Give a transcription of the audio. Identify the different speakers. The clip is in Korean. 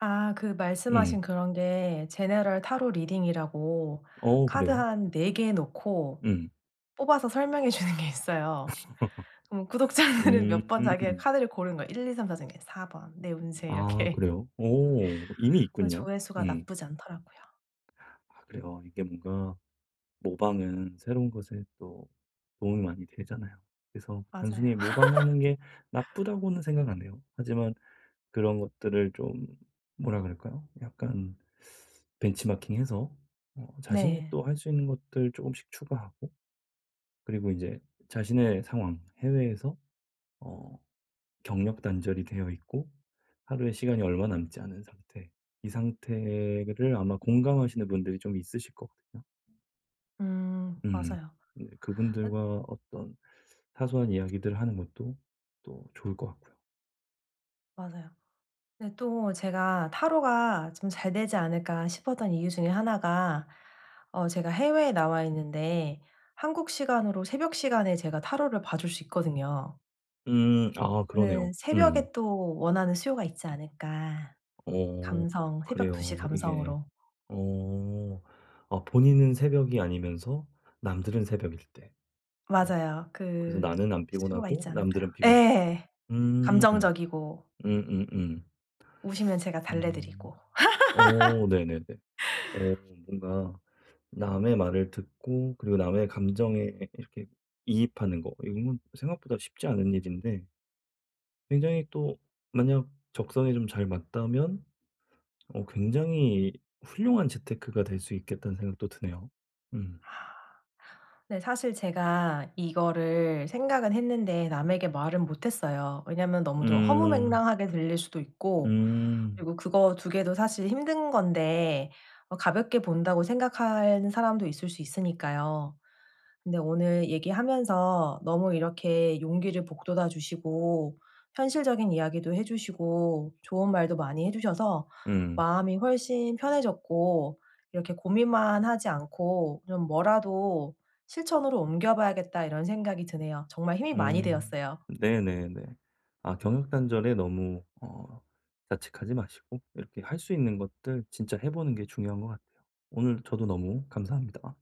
Speaker 1: 아 그 말씀
Speaker 2: 음.
Speaker 1: 하신 그런 게 General Tarot Reading이라고
Speaker 2: 어
Speaker 1: 카드
Speaker 2: 그래요?
Speaker 1: 한 4 개 놓고
Speaker 2: 음.
Speaker 1: 뽑아서 설명해 주는 게 있어요. 뭐 구독자들은 몇 번 자기의
Speaker 2: 음.
Speaker 1: 카드를 고르는 거예요. 1, 2, 3, 4 중에 4 번 내 운세
Speaker 2: 아
Speaker 1: 이렇게.
Speaker 2: 그래요? 오 이미
Speaker 1: 어
Speaker 2: 있군요.
Speaker 1: 조회수가
Speaker 2: 음.
Speaker 1: 나쁘지 않더라고요.
Speaker 2: 아 그래요. 이게 뭔가 모방은 새로운 것에 또 도움이 많이 되잖아요. 그래서
Speaker 1: 맞아요.
Speaker 2: 단순히 모방하는 게 나쁘다고는 생각 안 해요. 하지만 그런 것들을 좀 뭐라 그럴까요? 약간 벤치마킹해서 어 자신이
Speaker 1: 네.
Speaker 2: 또 할 수 있는 것들 쪼금씩 추가하고 그리고 인제 자신의 상황 해외에서 어 경력단절이 되어 있고 하루의 시간이 얼마 남지 않은 상태. 이 상태를 아마 공감하시는 분들이 좀 있으실 거거든요.
Speaker 1: 음
Speaker 2: 음
Speaker 1: 맞아요.
Speaker 2: 네
Speaker 1: 아
Speaker 2: 그분들과 어떤 사소한 이야기들을 하는 것도 또 좋을 것 같고요.
Speaker 1: 맞아요. 근데 또 제가 '타로가 좀 잘 되지 않을까.' 싶었던 이유 중에 하나가 어 제가 해외에 나와있는데 한국 시간으로 새벽 시간에 제가 타로를 봐 줄 수 있거든요.
Speaker 2: 음 아 그러네요.
Speaker 1: 저는
Speaker 2: 음.
Speaker 1: 새벽에 또 원하는 수요가 있지 않을까.
Speaker 2: 어
Speaker 1: 감성 새벽 2:00 시
Speaker 2: 그래요. 이게
Speaker 1: 감성으로.
Speaker 2: 어 아 본인은 새벽이 아니면서 남들은 새벽일 때. 어
Speaker 1: 맞아요.
Speaker 2: 그래서
Speaker 1: 그
Speaker 2: 나는 안
Speaker 1: 수요가
Speaker 2: 피곤하고
Speaker 1: 있지 않을까요?
Speaker 2: 남들은 피곤하고.
Speaker 1: 예.
Speaker 2: 음.
Speaker 1: 감정적이고.
Speaker 2: 음음음.
Speaker 1: 우시면 제가 달래
Speaker 2: 음.
Speaker 1: 드리고.
Speaker 2: 어 네네네. 어 뭔가 남의 말을 듣고 그리고 남의 감정에 이렇게 이입하는 거 이거는 생각보다 쉽지 않은 일인데. 굉장히 또 만약 적성에 좀 잘 맞다면 어 굉장히 훌륭한 재테크가 될 수 있겠다는 생각도 드네요. 음.
Speaker 1: 아. 네 사실 제가 이거를 생각은 했는데 남에게 말은 못 했어요. 왜냐면 너무 좀
Speaker 2: 음.
Speaker 1: 허무맹랑하게 들릴 수도 있고
Speaker 2: 음.
Speaker 1: 그리고 그거 2 개도 사실 힘든 건데 어 가볍게 본다고 생각하는 사람도 있을 수 있으니까요. 근데 오늘 얘기하면서 너무 이렇게 용기를 북돋아 주시고 현실적인 이야기도 해 주시고 좋은 말도 많이 해 주셔서
Speaker 2: 응.
Speaker 1: 마음이 훨씬 편해졌고 '이렇게 고민만 하지 않고 좀 뭐라도 실천으로 옮겨 봐야겠다.' 이런 생각이 드네요. 정말 힘이 많이
Speaker 2: 음
Speaker 1: 되었어요.
Speaker 2: 네네네. 아 경력단절에 너무 어 자책하지 마시고 이렇게 할 수 있는 것들 진짜 해 보는 게 중요한 것 같아요. 오늘 저도 너무 감사합니다.